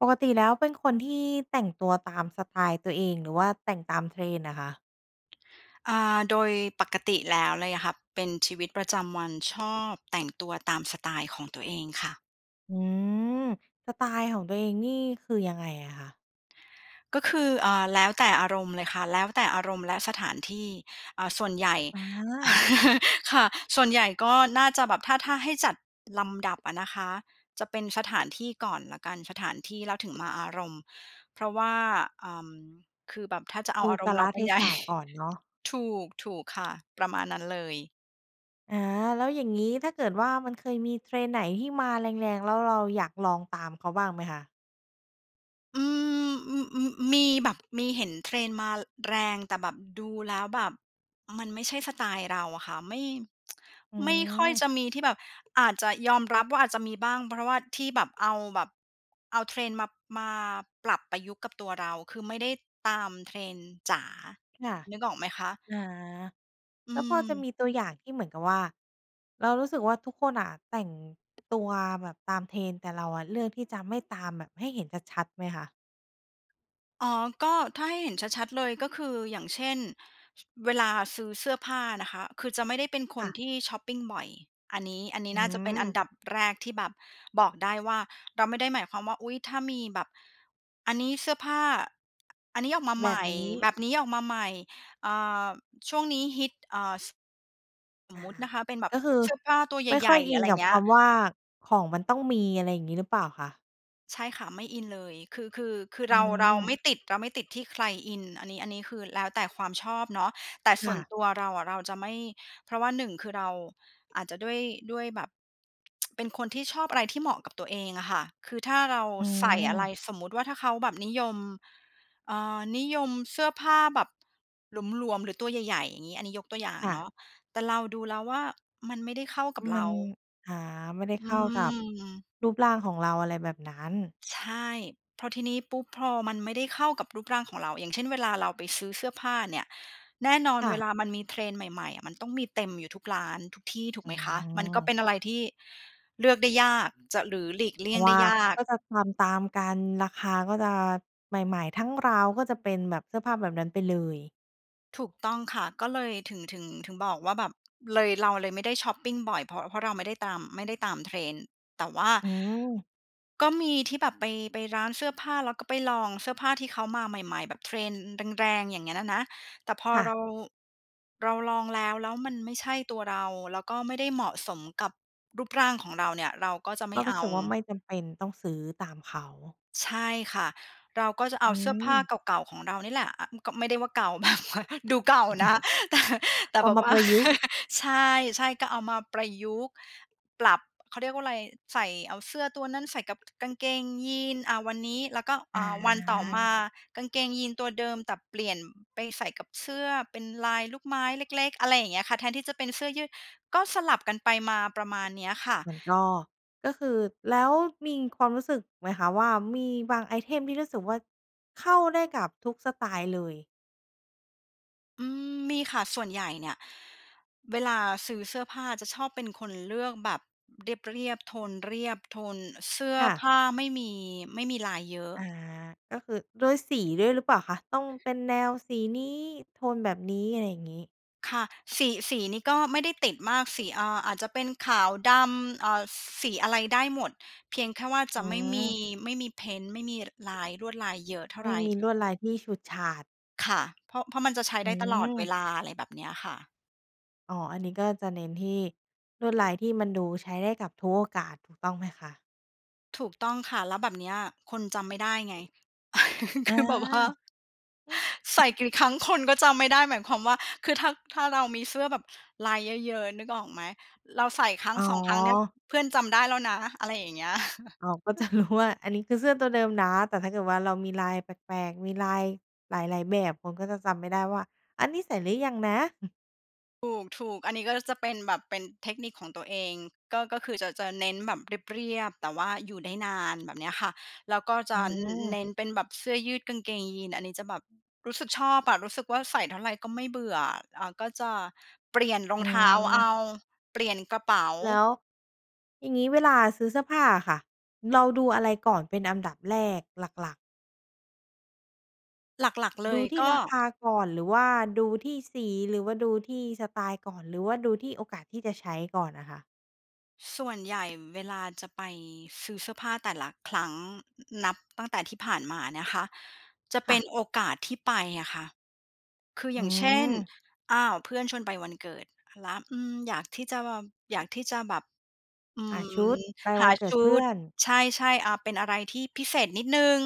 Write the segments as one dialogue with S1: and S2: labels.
S1: ปกติแล้วเป็นคนที่แต่งตัวตามสไตล์ตัวเอง หรือว่าแต่งตาม Trend น่ะคะ?
S2: อ่า โดยปกติแล้วเลยอะค่ะ เป็นชีวิตประจำวันชอบแต่งตัวตามสไตล์ของตัวเองค่ะ
S1: อืม สไตล์ของตัวเองนี่ คือยังไงอะคะ?
S2: ก็คือ อ่า แล้วแต่อารมณ์เลยค่ะ แล้วแต่อารมณ์และสถานที่ อ่า ส่วนใหญ่
S1: อา
S2: ค่ะ ส่วนใหญ่ก็น่าจะแบบถ้า ถ้าให้จัดลำดับอะนะคะ จะเป็นสถานที่ก่อนแล้วกัน สถานที่แล้วถึงมาอารมณ์ เพราะว่า เอ่อ คือแบบถ้าจะเอ
S1: ด
S2: า
S1: ู
S2: อาร
S1: ก
S2: ม
S1: า
S2: ณ์
S1: ล
S2: เราเป
S1: เ
S2: ็
S1: ท
S2: น ใหญ
S1: ศ
S2: ่
S1: ะก่อนเนาะ
S2: ถูก ถูกค่ะ ประมาณนั้นเลย
S1: อา แล้วอย่างงี้ ถ้าเกิดว่า มันเคยมี Trend ไหนที่มาแรง ๆ แล้วเราอยากลองตามเขาบ้างไหมคะ?
S2: อืม อืม ๆ อ มีแบบ มีเห็น Trend มา อ แรง แต่แบบดูแล้วแบบมันไม่ใช่สไตล์เราอะค่ะ ไม่
S1: อื
S2: ไม่ค่อย
S1: ม
S2: จะมีที่แบบ อาจจะ ยอมรับว่าอาจจะมีบ้าง เพราะว่าที่แบบเอาแบบ เอา Trend มา มาปรับประยุกต์กับตัวเรา คือไม่ได้ตาม Trend จ๋า
S1: ค่ะ
S2: นึกออกไหมคะ?
S1: อา
S2: อื
S1: แล้วพอจะ
S2: ม
S1: มีตัวอย่างที่เหมือนกับว่า เรารู้สึกว่าทุกคนอะแต่งตัวแบบตาม Trend แต่เราอะเลือกที่จะไม่ตามแบบให้เห็นชัด ๆ ไหมคะ?
S2: อ๋อ ก็ถ้าให้เห็นชัด ๆ เลย ก็คืออย่างเช่น ช เวลาซื้อเสื้อผ้านะคะ คือจะไม่ได้เป็นค
S1: ค่
S2: น
S1: ะ
S2: ที่ช็อปปิงบ่อย อันนี้ อันนี
S1: อ
S2: ้
S1: ื
S2: น่าจะเป็นอั
S1: ม
S2: นดับแรกที่แบบบอกได้ว่า เราไม่ได้หมายความว่า อุ๊ย ถ้ามีแบบ อันนี้เสื้อผ้า อ อันนี้ออกมาใ
S1: แบ
S2: หม
S1: บ
S2: ่
S1: นี้
S2: แบบนี้ออกมาใหม่ อ่า ช่วงนี้ฮิต เอ่อ ส ส
S1: อ
S2: ม
S1: ะ
S2: มุต
S1: ฮ
S2: ิ
S1: ะ
S2: นะคะเป็นแบบ
S1: ก็คือ
S2: เสื้อผ้าตัวใ
S1: ไม่ค
S2: หญ
S1: ่อ
S2: ่
S1: ย
S2: ๆ หร
S1: อ
S2: ือ
S1: ิ
S2: อะ
S1: น
S2: ไร
S1: กับ
S2: เงี
S1: ค
S2: ้ย
S1: ำว่า ของมันต้องมี อะไรอย่างงี้หรือเปล่าคะ?
S2: ใช่ค่ะ ไม่อินเลย คือ คือ คือ
S1: อื
S2: เรา เราไ
S1: ม
S2: ม่ติด เราไม่ติดที่ใครอิน อันนี้ อันนี้คือแล้วแต่ความชอบเนาะ แต่ส
S1: ค่
S2: ่วน
S1: ะ
S2: ตัวเราอะ เราจะไม่ เพราะว่า 1 คือเรา อาจจะด้วย ด้วยแบบ เป็นคนที่ชอบอะไรที่เหมาะกับตัวเองอะค่ะ คือถ้าเรา
S1: อื
S2: ใส่อะไร
S1: ม
S2: สมมติว่า ถ้าเขาแบบนิยม เอ่อ นิยมเสื้อผ้าแบบ หลวม ๆ หรือตัวใหญ่ ๆ อย่างงี้ อันนี้ยกตัวอย่าง
S1: ค่
S2: เ
S1: ะ
S2: นาะ แต่เราดูแล้วว่า มันไม่ได้เข้ากับ
S1: ม
S2: เร
S1: ั
S2: า
S1: น อ่า ไม่ได้
S2: อื
S1: เข้ากับ
S2: ม
S1: รูปร่างของเรา อะไรแบบนั้น
S2: ใช่ พอทีนี้ปุ๊บ พอมันไม่ได้เข้ากับรูปร่างของเรา อย่างเช่น เวลาเราไปซื้อเสื้อผ้าเนี่ย แน่นอน
S1: ค่
S2: เว
S1: ะ
S2: ลามันมี trend ใหม่ ๆ อะ มันต้องมีเต็มอยู่ทุกร้านทุกที่ ถู
S1: อ
S2: กไ
S1: ื
S2: หมคะ มันก็เ
S1: ม
S2: ป็นอะไรที่ เลือกได้ยาก จะ หรือหลีกเลี
S1: เ
S2: ่
S1: พ
S2: ย
S1: ร
S2: ง
S1: าะ
S2: ไ
S1: ว
S2: ด้
S1: ่า
S2: ย
S1: เข
S2: า
S1: า
S2: ก
S1: ก็จะทำตามกัน ราคาก็จะ ใหม่ ๆ ทั้งราวก็จะเป็นแบบเสื้อผ้าแบบนั้นไปเลย
S2: ถูกต้องค่ะ ก็เลยถึง ถึง ถึงบอกว่าแบบ เลย เราเลยไม่ได้ช็อปปิงบ่อย เพราะ เพราะเราไม่ได้ตาม ไม่ได้ตาม trend แต่ว่า
S1: อืม
S2: ก็มีที่แบบไป ไปร้านเสื้อผ้า แล้วก็ไปลองเสื้อผ้าที่เขามาใหม่ ๆ แบบ trend แรง ๆ อย่างเงี้ยน่ะนะ แต่พอ
S1: ค่
S2: เ
S1: ะ
S2: รา เราลองแล้ว แล้วมันไม่ใช่ตัวเรา แล้วก็ไม่ได้เหมาะสมกับรูปร่างของเราเนี่ย เราก็จะไ
S1: ก
S2: ม่
S1: ็ร
S2: เ
S1: ู
S2: อ
S1: ้
S2: า
S1: สึกว่าไม่จำเป็นต้องซื้อตามเขา
S2: ใช่ค่ะ เราก็จะเ
S1: อ
S2: อา
S1: ื
S2: เสื้อผ้า
S1: ม
S2: เก่า ๆ ของเรานี่แหละ อะ อืม ก็ไม่ได้ว่าเก่า มากมาย ดูเก่านะ แต่ แต่
S1: เอา
S2: แบบ
S1: มา
S2: ว่
S1: ป
S2: า
S1: ระยุกต์
S2: ใช่ ๆ ก็เอามาประยุกต์ ปรับ เขาเรียกว่าอะไร ใส่ เอาเสื้อตัวนั้นใส่กับ ก กางเกงยีน อ่า วันนี้ แล้วก็
S1: อ
S2: อ่า วันต่อมา
S1: า
S2: กางเกงยีนตัวเดิม แต่เปลี่ยนไปใส่กับเสื้อเป็นลายลูกไม้เล็ก ๆ อะไรอย่างเงี้ยค่ะ แทนที่จะเป็นเสื้อยืด ก็สลับกันไปมา ประมาณเนี้ยค่ะ
S1: มันก็ ก็คือ แล้วมีความรู้สึกไหมคะว่า มีบางไอเทมที่รู้สึกว่าเข้าได้กับทุกสไตล์เลย?
S2: อืม มีค่ะ ส่วนใหญ่เนี่ย เวลาซื้อเสื้อผ้าจะชอบเป็นคนเลือกแบบเรียบ ๆ โทนเรียบ โทนเสื้อ
S1: ค่ะ
S2: ผ้าไม่มี ไม่มีลายเยอะ
S1: อ่า ก็คือด้วยสีด้วยหรือเปล่าคะ? ต้องเป็นแนวสีนี้ โทนแบบนี้ อะไรอย่างงี้
S2: ค่ะ สี สีนี้ก็ไม่ได้ติดมาก สี เอ่อ อาจจะเป็นขาวดำ อ่า ซ สีอะไรได้หมด เพียงแค่ว่าจ
S1: อ
S2: ะ
S1: ื
S2: ไม่มี
S1: ม
S2: ไม่มีเพนต์ ไม่มี ล ลาย ลวดลายเยอะเท่า
S1: ไม
S2: ไ
S1: ่
S2: ร
S1: มีลวดลายที่ฉูดฉาด
S2: ค่ะ เพราะ เพราะมันจะใช้
S1: อื
S2: ได้ตลอดเว
S1: ม
S2: ลา อะไรแบบเนี้ยค่ะ
S1: อ๋อ อันนี้ก็จะเน้นที่ลวดลายที่มันดูใช้ได้กับทุกโอกาส ถูกต้องไหมคะ?
S2: ถูกต้อง ค่ะ แล้วแบบเนี้ยคนจำไม่ได้ไง
S1: อ
S2: ค
S1: า
S2: ือแบบว่า
S1: หือ
S2: ใส่กี่ ครั้งคนก็จำไม่ได้ หมายความว่า คือ ถ้า ถ้าเรามีเสื้อแบบลายเยอะ ๆ นึกออกไหม? เราใส่ครั้
S1: อ
S2: ง
S1: ๋
S2: 2 ครั้งเนี่ย
S1: อ
S2: เพื่อนจำได้แล้วนะ อะไรอย่างเงี้ย
S1: อ๋อ ก็จะรู้ว่า อันนี้คือเสื้อตัวเดิมนะ แต่ถ้าเกิดว่าเรามีลายแปลก ๆ มีลายหลาย ๆ แบบ คนก็จะจำไม่ได้ว่า "อันนี้ใส่หรือยังนะ?"
S2: ถูก ๆ อันนี้ก็จะเป็นแบบเป็นเทคนิคของตัวเอง ก็ ก็คือจะ จะเน้นแบบเรียบ ๆ แต่ว่าอยู่ได้นานแบบเนี้ย ค่ะ แล้วก็จ
S1: อื
S2: ะ อ อ
S1: อ
S2: เน้นเป็นแบบเสื้อยืดกางเกงยีน อันนี้จะแบบรู้สึกชอบอะ รู้สึกว่าใส่เท่าไรก็ไม่เบื่อ อ อ่า ก็จะ เปลี่ยนรอ
S1: อื
S2: ง เท้าเอ
S1: อ
S2: า เปลี่ยนกระเป๋า
S1: แล้ว อย่างงี้เวลาซื้อเสื้อผ้าอะค่ะ เราดูอะไรก่อนเป็นอันดับแรกหลัก ๆ?
S2: หลัก ๆ เล
S1: ดู
S2: ย
S1: ที่
S2: ก็
S1: ราคาก่อนหรือว่าดูที่สี หรือว่าดูที่สไตล์ก่อน หรือว่าดูที่โอกาสที่จะใช้ก่อนอะค่ะ?
S2: ส่วนใหญ่เวลาจะไปซื้อเสื้อผ้าแต่ละครั้ง น นับตั้งแต่ที่ผ่านมานะคะ จะเป
S1: ค่
S2: ็
S1: ะ
S2: นโอกาสที่ไปอะค่ะ คือ
S1: อ
S2: อ
S1: ื
S2: ย่างเช่น
S1: ม
S2: อ้าว เพื่อนชวนไปวันเกิด แล้ว อืม อยากที่จะแบบ อยากที่จะแบบ อื
S1: หาชุ
S2: ม
S1: ดไป
S2: ห
S1: วั
S2: า
S1: นเกิ
S2: ช
S1: ด
S2: ุ
S1: เพื่
S2: ด
S1: อน
S2: ใช่ ๆ อ่า เป็นอะไรที่พิเศษนิดหนึ่ง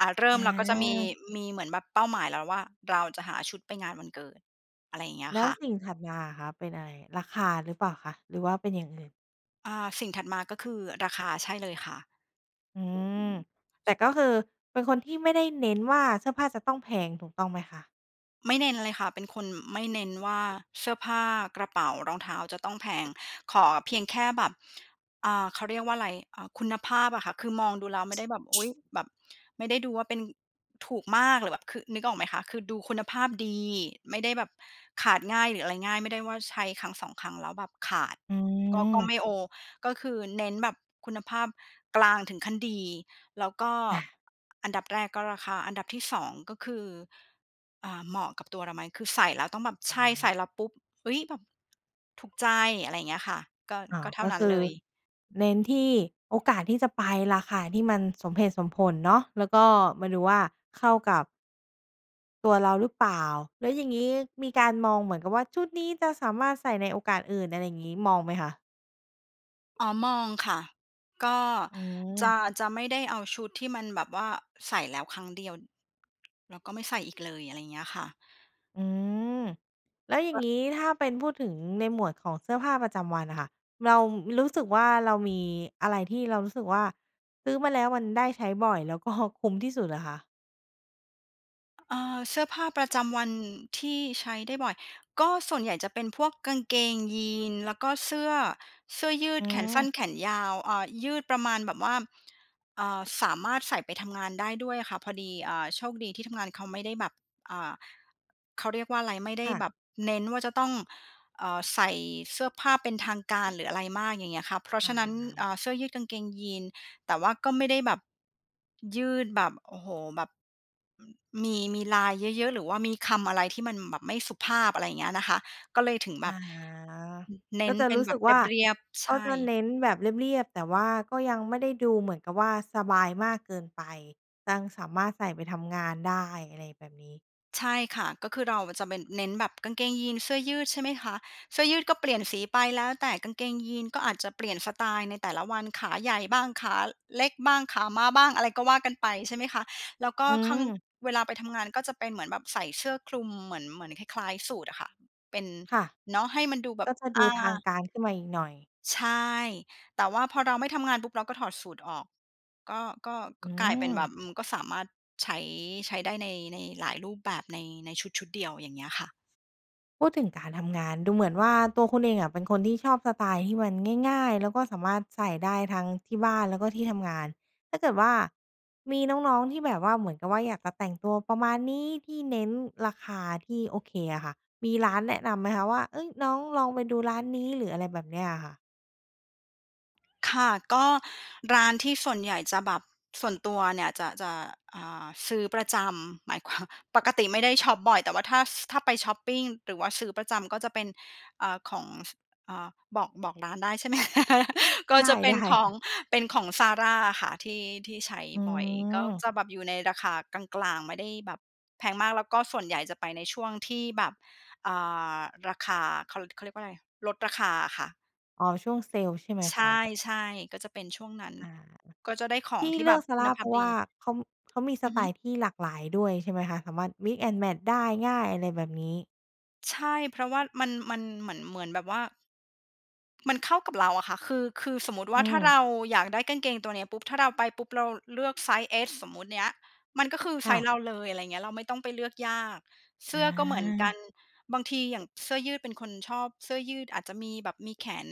S2: อ่า เริ่
S1: อ
S2: มเราก็จะมี
S1: า
S2: มีเหมือนแบบเป้าหมายแล้วว่า เราจะหาชุดไปงานวันเกิด อะไรอย่างเงี้ย
S1: แล้
S2: ค
S1: ว
S2: ่ะ
S1: สิ่งถัดมาอะคะเป็นอะไร? ราคาหรือเปล่าคะ หรือว่าเป็นอย่างอื่น?
S2: อ่า สิ่งถัดมาก็คือราคา ใช่เลยค่ะ
S1: อืม แต่ก็คือเป็นคนที่ไม่ได้เน้นว่า เสื้อผ้าจะต้องแพงถูกต้องไหมคะ?
S2: ไม่เน้นเลยค่ะ เป็นคนไม่เน้นว่า เสื้อผ้า กระเป๋า รองเท้าจะต้องแพง ขอเพียงแค่แบบ อ่า เขาเรียกว่าไร อ่า คุณภาพอะค่ะ คือมองดูแล้วไม่ได้แบบ อุ๊ย แบบไม่ได้ดูว่าเป็นถูกมาก หรือแบบ คือ นึกออกไหมคะ? คือดูคุณภาพดี ไม่ได้แบบขาดง่าย หรืออะไรง่าย ไม่ได้ว่าใช้ 1-2 ครั้งแล้วแบบขาด
S1: อื
S2: ก็ ก็ไม
S1: ม
S2: ่โอ ก็คือ เน้นแบบคุณภาพกลางถึงขั้นดี แล้วก็
S1: อา
S2: อันดับแรกก็ราคา อันดับที่ 2 ก็คือ อ่า เหมาะกับตัวเราไหม คือใส่แล้วต้องแบบใช
S1: อ
S2: ่ ใส่
S1: า
S2: แล้วปุ๊บ "อุ๊ย แบบถูกใจ" อะไรอย่างเงี้ยค่ะ ก็
S1: อ๋อ
S2: ก็เท่
S1: ก
S2: า
S1: ็
S2: นั
S1: ค
S2: ้น
S1: ื
S2: เ
S1: อ
S2: ลย
S1: เน้นที่โอกาสที่จะไป ราคาที่มันสมเหตุสมผลเนาะ แล้วก็มาดูว่าเข้ากับ ตัวเราหรือเปล่า? แล้วอย่างงี้มีการมองเหมือนกับว่า ชุดนี้จะสามารถใส่ในโอกาสอื่น อะไรอย่างงี้ มองไหมคะ?
S2: อ๋อ มองค่ะ ก็
S1: อื
S2: จ
S1: อ
S2: ะ จะไม่ได้เอาชุดที่มันแบบว่าใส่แล้วครั้งเดียว แล้วก็ไม่ใส่อีกเลย อะไรอย่างเงี้ยค่ะ
S1: อือ แล้วอย่า
S2: ก
S1: ง
S2: ็
S1: งี้ ถ้าเป็นพูดถึงในหมวดของเสื้อผ้าประจำวันน่ะค่ะ เรารู้สึกว่า เรามีอะไรที่เรารู้สึกว่า ซื้อมาแล้วมันได้ใช้บ่อยแล้วก็คุ้มที่สุดอะคะ?
S2: อ่า เสื้อผ้าประจำวันที่ใช้ได้บ่อย ก็ส่วนใหญ่จะเป็นพวกกางเกงยีนส์ แล้วก็เสื้อ เสื้อยื
S1: อื
S2: ดแขนส
S1: อ
S2: ั้น แขนยาว อ่า ยืดประมาณแบบว่า อ่า สามารถใส่ไปทำงานได้ด้วยอะค่ะ พอดี เอ่อ โชคดีที่ทำงานเขาไม่ได้แบบ อ่า เขาเรียกว่าอะไร ไม่ได
S1: ค
S2: ้
S1: ่ะ
S2: แบบเน้นว่าจะต้อง เอ่อ ใส่เสื้อผ้าเป็นทางการ หรืออะไรมาก อย่างเงี้ยค่ะ เพราะ
S1: อ
S2: ฉะนั้น อ่
S1: า
S2: า เสื้อยืดกางเกงยีนส์ แต่ว่าก็ไม่ได้แบบ ยืดแบบ โอ้โฮ แบบ อืม มี มีลายเยอะ ๆ หรือว่ามีคำอะไรที่มันแบบไม่สุภาพ อะไรอย่างเงี้ยนะคะ ก็เลยถึงแ
S1: อ
S2: บ
S1: ๋อ
S2: บ น เน
S1: ก็
S2: ้น
S1: จะ
S2: เป็
S1: ร
S2: น
S1: ู้
S2: แ
S1: ส
S2: บ
S1: ึก
S2: บ
S1: ว่า
S2: เรียบ ๆ ใ
S1: ก
S2: ช
S1: ็จะเน
S2: ่
S1: ้นแบบเรียบ ๆ แต่ว่าก็ยังไม่ได้ดูเหมือนกับว่า สบายมากเกินไป ยังสามารถใส่ไปทำงานได้อะไรแบบนี้
S2: ใช่ค่ะ ก็คือเราอะจะไปเน้นแบบกางเกงยีนส์เสื้อยืดใช่ไหมคะ เสื้อยืดก็เปลี่ยนสีไปแล้วแต่ กางเกงยีนส์ก็อาจจะเปลี่ยนสไตล์ในแต่ละวัน ขาใหญ่บ้าง ขาเล็กบ้าง ขาม้าบ้าง อะไรก็ว่ากันไปใช่ไหมคะ แล้วก็
S1: อื
S2: ข้าง
S1: อ
S2: เวลาไปทำงาน ก็จะเป็นเหมือนแบบใส่เสื้อคลุมเหมือน เหมือนคล้าย ๆ สูทอะค่ะ เป็น
S1: ค่ะ
S2: เนาะให้มันดูแบ
S1: ก
S2: บ
S1: ็จะด
S2: อ
S1: ู
S2: า
S1: ทางการขึ้นมาอีกหน่อย
S2: ใช่ แต่ว่าพอเราไม่ทำงานปุ๊บเราก็ถอดสูทออก ก็ ก็
S1: อ
S2: ก
S1: ื
S2: ็กลายเป็นแบบ
S1: อ
S2: อืม ก็สามารถใช้ ใช้ได้ใน ในหลายรูปแบบใน ในชุด ๆ เดียว อย่างเงี้ยค่ะ
S1: พูดถึงการทำงาน ดูเหมือนว่าตัวคุณเองอะ เป็นคนที่ชอบสไตล์ที่มันง่าย ๆ แล้วก็สามารถใส่ได้ทั้งที่บ้าน แล้วก็ที่ทำงาน ถ้าเกิดว่ามีน้อง ๆ ที่แบบว่า เหมือนกับว่าอยากจะแต่งตัวประมาณนี้ ที่เน้นราคาที่โอเคอะค่ะ มีร้านแนะนำไหมคะว่า? เอ๊ย น้องลองไปดูร้านนี้ หรืออะไรแบบนี้อะค่ะ
S2: ค่ะ ก็ร้านที่ส่วนใหญ่จะแบบส่วนตัวเนี่ยจะ จะ อ่า ซื้อประจำหมาย ความ ปกติไม่ได้ช็อปบ่อย แต่ว่าถ้า ส ถ้าไปช็อปปิง หรือว่าซื้อประจำ ก็จะเป็น อ่า ของ ส เอ่อ บอก บอกร้านได้ใช่ไหม? ก็
S1: ได
S2: จ
S1: ้
S2: ะเป็น
S1: ๆ ค่
S2: ของ
S1: ะ
S2: เป็นของ ZARA อะค่ะ ที่ ที่ใช้
S1: อื
S2: บ่อย ก็
S1: ม
S2: จะแบบอยู่ในราคากลาง ๆ ไม่ได้แบบแพงมาก แล้วก็ส่วนใหญ่จะไปในช่วงที่แบบ อ่า ราคาเขา เขาเรียกว่าอะไร ลดราคาอะค่ะ
S1: อ๋อ ช่วงเซลใช่ไหม
S2: ใช
S1: คะ?
S2: ่ ๆ ก็จะเป็นช่วงนั้น
S1: อา
S2: ก็จะได้ขอ
S1: ท
S2: ง
S1: ี่
S2: ที่
S1: เล
S2: แ
S1: ื
S2: บ
S1: อ
S2: บ
S1: ก
S2: คุณ
S1: ZARA
S2: ภ
S1: เพ
S2: า
S1: ร
S2: พ
S1: าะว
S2: ดี
S1: ่าเขา เขามีส
S2: อือ
S1: ไต
S2: ฮึ
S1: ล์ที่หลากหลายด้วยใช่ไหมคะ? สามารถมิกซ์แอนด์แมตช์ได้ง่าย อะไรแบบนี้
S2: ใช่ เพราะว่ามัน มันเหมือน เหมือนแบบว่า มันเข้ากับเราอะค่ะ คือ คือสมมติว
S1: อื
S2: ่า ถ้า
S1: ม
S2: เราอยากได้กางเกงตัวเนี้ยปุ๊บ ถ้าเราไปปุ๊บเราเลือกไซซ์เอสสมมุติเนี้ย มันก็คือ
S1: ค
S2: ไซ
S1: ่ะ
S2: ซ์เราเลย อะไรอย่างเงี้ย เราไม่ต้องไปเลือกยาก เส
S1: อ
S2: ื้อก็เหมือนกั
S1: า
S2: น บางทีอย่างเสื้อยืดเป็นคนชอบเสื้อยืด อาจจะมีแบบมีแขน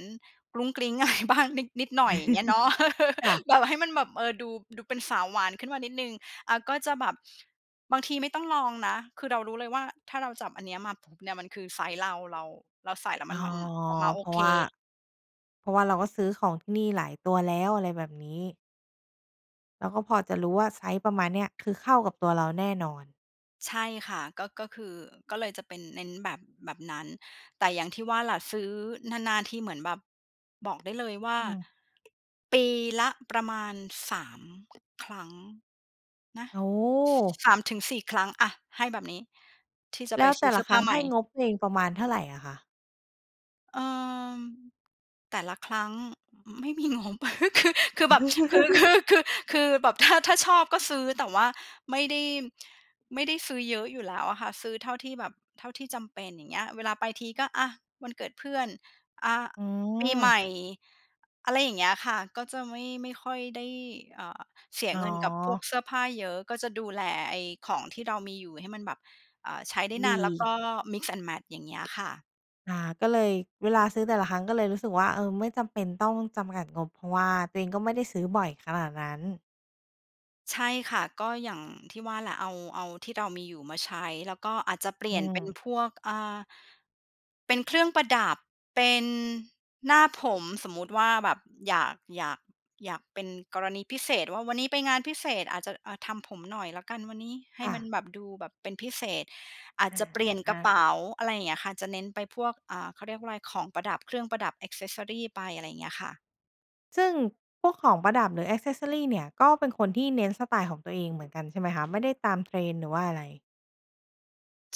S2: กรุ๊งกริ๊ง อะไรบ้าง นิด นิดหน่อย อย่างเงี้ยเนาะ
S1: ค่ะ
S2: แบบให้มันแบบ เออ ดู ดูเป็นสาวหวานขึ้นมานิดหนึ่ง อ่า ก็จะแบบบางทีไม่ต้องลองนะ คือเรารู้เลยว่า ถ้าเราจับอันนี้มาปุ๊บเนี่ย มันคือไซซ์เรา เรา เราใส่แล้ว
S1: อ
S2: ม
S1: ๋
S2: ั
S1: อ
S2: น มันออกมาโ
S1: เ
S2: อ
S1: พราะ
S2: เ
S1: ว่า
S2: ค
S1: เพราะว่าเราก็ซื้อของที่นี่หลายตัวแล้ว อะไรแบบนี้ เราก็พอจะรู้ว่า ไซซ์ประมาณเนี้ย คือเข้ากับตัวเราแน่นอน
S2: ใช่ค่ะ ก็ ก็คือ ก็เลยจะเป็นเน้นแบบ แบบนั้น แต่อย่างที่ว่าล่ะ ซื้อนาน ๆ ทีเหมือนแบบบอกได้เลยว่า
S1: อืม
S2: ปีละประมาณ 3 ครั้งนะ
S1: โอ้โฮ
S2: 3-4 ครั้ง อะ ให้แบบนี้ที่จะ
S1: แ
S2: ไ
S1: ล
S2: ป
S1: ้ว
S2: ซ
S1: แ
S2: ื
S1: ต
S2: ้
S1: ่
S2: อเ
S1: ล
S2: สื
S1: ะ
S2: ้อ
S1: ค
S2: ผ
S1: ร
S2: ้
S1: ั
S2: า
S1: ้ง
S2: ให
S1: ใ
S2: ม
S1: ห
S2: ่
S1: ้งบตัวเองประมาณเท่าไรอะคะ?
S2: เอ่อ แต่ละครั้ง อ ไม่มีงบ คือ คือแบบ คือ คือ คือ คือแบบถ้า ถ้าชอบก็ซื้อ แต่ว่าไม่ได้ ไม่ได้ซื้อเยอะอยู่แล้วอะค่ะ ซื้อเท่าที่แบบ เท่าที่จำเป็น อย่างเงี้ย เวลาไปทีก็ อะ วันเกิดเพื่อน อ่า
S1: อื
S2: ปีให
S1: ม
S2: ม่ อ อะไรอย่างเงี้ยค่ะ ก็จะไม่ ไม่ค่อยได้ เอ่อ เสีย
S1: อ๋อ
S2: เงินกับพวกเสื้อผ้าเยอะ ก็จะดูแลไอ้ของที่เรามีอยู่ให้มันแบบ อ่า ใช้ได้น
S1: ด
S2: าน แล้วก
S1: ี
S2: ็ mix and match อย่างเงี้ยค่ะ
S1: อา ก็เลย เวลาซื้อแต่ละครั้งก็เลยรู้สึกว่า เออ ไม่จำเป็นต้องจำกัด งบ เพราะว่าตัวเองก็ไม่ได้ซื้อบ่อยขนาดนั้น
S2: ใช่ค่ะ ก็อย่างที่ว่าแหละ เอา เอาที่เรามีอยู่มาใช้ แล้วก็อาจจะเปลี
S1: อ
S2: ่
S1: ื
S2: ยนเป็น
S1: ม
S2: พวก อ่า เป็นเครื่องประดับ เป็นหน้าผม สมมติว่าแบบอยาก อยาก อยาก เป็นกรณีพิเศษว่า วันนี้ไปงานพิเศษอาจจะ อ่า ทำผมหน่อยแล้วกันวันนี้ ให้
S1: ค่
S2: มั
S1: ะ
S2: นแบบ ดูแบบเป็นพิเศษ อาจ
S1: อา
S2: จะเปลี่ยน
S1: อ
S2: กระเ
S1: ะ
S2: ป๋า อะไรอย่างเงี้ยค่ะ จะเน้นไปพวก อ่า เขาเรียกว่าไร ของประดับเครื่องประดับ แอกเซสซอรี ไป อะไรเงี้ยค่ะ
S1: ซึ่งพวกของประดับ หรือ แอกเซสซอรี เนี่ย ก็เป็นคนที่เน้นสไตล์ของตัวเองเหมือนกันใช่ไหมคะ? ไม่ได้ตาม trend หรือว่าอะไร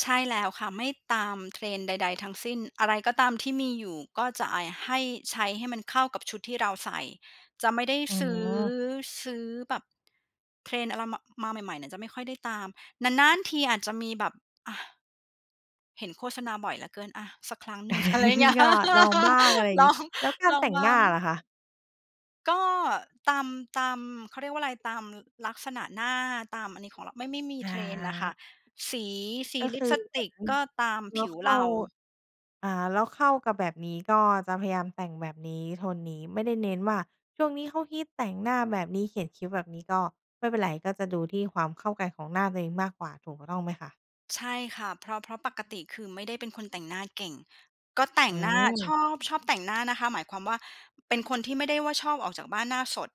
S2: ใช่แล้วค่ะ ไม่ตาม trend ใด ๆ ทั้งสิ้น อะไรก็ตามที่มีอยู่ ก็จะไอ้ให้ ใช้ให้มันเข้ากับชุดที่เราใส่ จะไม่ได้
S1: อื
S2: ซื้อ
S1: ม
S2: ซื้อแบบ trend อะไร มา มาใหม่ ๆ เนี่ย จะไม่ค่อยได้ตาม นาน ๆ ทีอาจจะมีแบบ อะ เห็นโฆษณาบ่อยเหลือเกิน อะ สักครั้งหนึ่ง อะไรอย่างเงี้ย
S1: ก็ลองบ้างอะไร
S2: ล
S1: งี
S2: อ
S1: ้
S2: ง
S1: แล้วกา
S2: ล
S1: ร
S2: อ
S1: แต
S2: ง
S1: ่ง
S2: บ้
S1: หน
S2: า
S1: ้า
S2: ง
S1: ล่ะคะ?
S2: ก็ตาม ตาม เขาเรียกว่าอะไร ตามลักษณะหน้า ตามอันนี้ของเรา ไม่ ไม่มี
S1: อ
S2: trend น่ะค่ะ
S1: า
S2: สี สี
S1: ก็
S2: ล
S1: ค
S2: ิป
S1: ือ
S2: สติกก็ตาม
S1: เร
S2: ผ
S1: า
S2: ิว
S1: เข้
S2: เร
S1: า
S2: า
S1: อ่า เราเข้ากับแบบนี้ ก็จะพยายามแต่งแบบนี้ โทนนี้ ไม่ได้เน้นว่า ช่วงนี้เขาฮิตแต่งหน้าแบบนี้ เขียนคิ้วแบบนี้ ก็ไม่เป็นไร ก็จะดูที่ความเข้ากันของหน้าตัวเองมากกว่า ถูกต้องไหมคะ?
S2: ใช่ค่ะ เพราะ เพราะปกติ คือ ไม่ได้เป็นคนแต่งหน้าเก่ง ก็แต่
S1: อื
S2: งหน้า ช
S1: ม
S2: อบ ชอบแต่งหน้านะคะ หมายความว่าเป็นคนที่ไม่ได้ว่า ชอบออกจากบ้านหน้าสด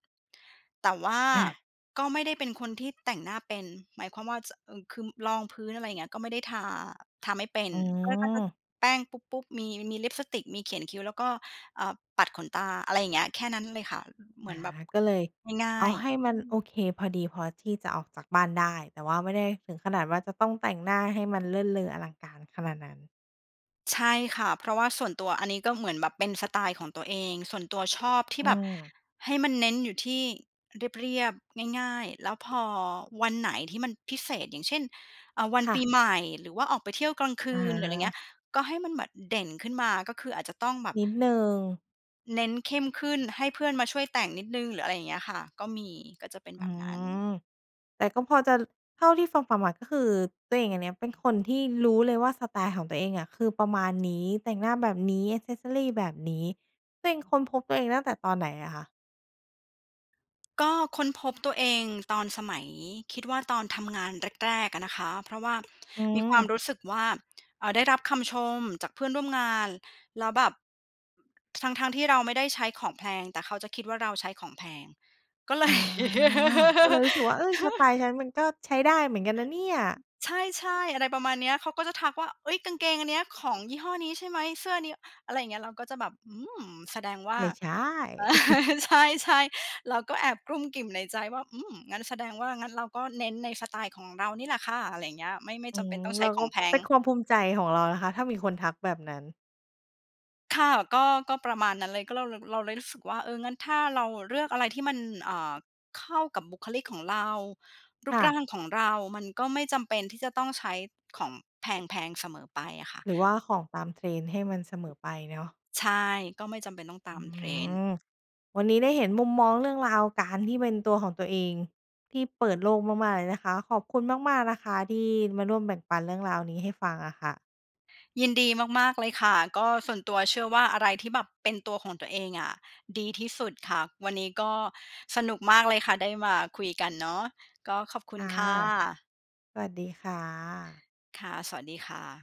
S2: แต่ว่า
S1: อา
S2: ก็ไม่ได้เป็นคนที่แต่งหน้าเป็น หมายความว่าจะ เอ่อ คือรองพื้น อะไรอย่างเงี้ย ก็ไม่ได้ทา ทาไม่เป็น
S1: อ๋
S2: ก็ ก็จะ
S1: อ
S2: แป้งปุ๊บ ๆ มี มีลิปสติก มีเขียนคิ้ว แล้วก็ เอ่อ ปัดขนตา อะไรอย่างเงี้ย แค่นั้นเลยค่ะ อืม เห
S1: อ
S2: มือ
S1: า
S2: นแบบ
S1: ก็เลย
S2: ง่า
S1: เอา
S2: ย
S1: ให้
S2: ๆ
S1: ม
S2: อื
S1: ันโอ
S2: ม
S1: เค พอดีพอที่จะออกจากบ้านได้ แต่ว่าไม่ได้ถึงขนาดว่า จะต้องแต่งหน้าให้มันเลิศเลออลังการขนาดนั้น
S2: ใช่ค่ะ เพราะว่าส่วนตัว อันนี้ก็เหมือนแบบเป็นสไตล์ของตัวเอง ส่วนตัวชอบที
S1: อ
S2: ่
S1: ื
S2: แบบ
S1: ม
S2: ให้มันเน้นอยู่ที่เรียบ ๆ ง่าย ๆ แล้วพอวันไหนที่มันพิเศษ อย่างเช่น เอ่อ วัน
S1: ค่
S2: ปี
S1: ะ
S2: ใหม่ หรือว่าออกไปเที่ยวกลางค
S1: อ
S2: ื
S1: ะฮ
S2: น หรือไรเงี
S1: ะ
S2: ้ย ก็ให้มันแบบเด่นขึ้นมา ก็คืออาจจะต้องแบบ
S1: นิดหนึ่ง
S2: เน้นเข้มขึ้น ให้เพื่อนมาช่วยแต่งนิดหนึ่ง หรืออะไรอย่างเงี้ยค่ะ ก็มี ก็จะเป็น
S1: อื
S2: แบบนั้น
S1: ม แต่ก็พอจะ ล เท่าที่ฟัง ๆ มา ก็คือตัวเองอันเนี้ย เป็นคนที่รู้เลยว่า สไตล์ของตัวเองอะ คือประมาณนี้ แต่งหน้าแบบนี้ แอกเซสซอรี แบบนี้ ตัวเองค้นพบตัวเองตั้งแต่ตอนไหนอะคะ?
S2: ก็ค้นพบตัวเองตอนสมัย คิดว่าตอนทำงานแรก ๆ อะนะคะ เพราะว่า
S1: อื
S2: มีความ
S1: อ
S2: รู้สึกว่า เอ่อ ได้รับคำชมจากเพื่อนร่วมงาน แล้วแบบ ทั้ง ๆ ที่เราไม่ได้ใช้ของแพง แต่เขาจะคิดว่าเราใช้ของแพง ก็ เล
S1: อา
S2: ย
S1: ก็เลยรู้สึกว่า "เฮ้ย! สไตล์ฉันมันก็ใช้ได้เหมือนกันนะเนี่ย"
S2: ใช่ ๆ อะไรประมาณเนี้ย เขาก็จะทักว่า "เฮ้ย กางเกงอันเนี้ย ของยี่ห้อนี้ใช่ไหม? เสื้อนี้"อะไรอย่างเงี้ย เราก็จะแบบ "อืม แสดงว่า"
S1: ไม่ใช่
S2: ใช่ ๆ เราก็แอบกรุ้มกริ่มในใจว่า "อืม งั้นแสดงว่า งั้นเราก็เน้นในสไตล์ของเรานี่แหละค่ะ" อะไรอย่างเงี้ย ไม่ ไม่
S1: อื
S2: จำเป
S1: อ
S2: ็นต้องใ
S1: เ
S2: ช
S1: รา
S2: ้ข
S1: ก็
S2: องแพ
S1: เป
S2: ง
S1: ็นความภูมิใจของเรานะคะ ถ้ามีคนทักแบบนั้น
S2: ค่ะ ก็ ก็ประมาณนั้นเลย ก็เราเลย เราเลยรู้สึกว่า เออ งั้นถ้าเราเลือกอะไรที่มัน เอ่อ เข้ากับบุคลิกของเรา รู
S1: ค
S2: ป
S1: ่
S2: ร่า
S1: ะ
S2: งของเรา มันก็ไม่จำเป็นที่จะต้องใช้ของแพง ๆ เสมอไปอะค่ะ
S1: หรือว่าของตามเทรนด์ให้มันเสมอไปเนาะ
S2: ใช่ ก็ไม่จำเป็นต้องต
S1: อ
S2: า
S1: ื
S2: มเทรนด์
S1: อ วันนี้ได้เห็นมุมมองเรื่องราวการที่เป็นตัวของตัวเอง ที่เปิดโลกมาก ๆ เลยนะคะ ขอบคุณมาก ๆ นะคะ ที่มาร่วมแบ่งปันเรื่องราวนี้ให้ฟังอะค่ะ
S2: ยินดีมาก ๆ เลยค่ะ ก็ส่วนตัวเชื่อว่า อะไรที่แบบเป็นตัวของตัวเองอะดีที่สุดค่ะ วันนี้ก็สนุกมากเลยค่ะ ได้มาคุยกันเนาะ ก็ขอบคุ
S1: ค
S2: ณ
S1: ่ะ
S2: ค่ะ
S1: สวัสดีค่ะ
S2: ค่ะ สวัสดีค่ะ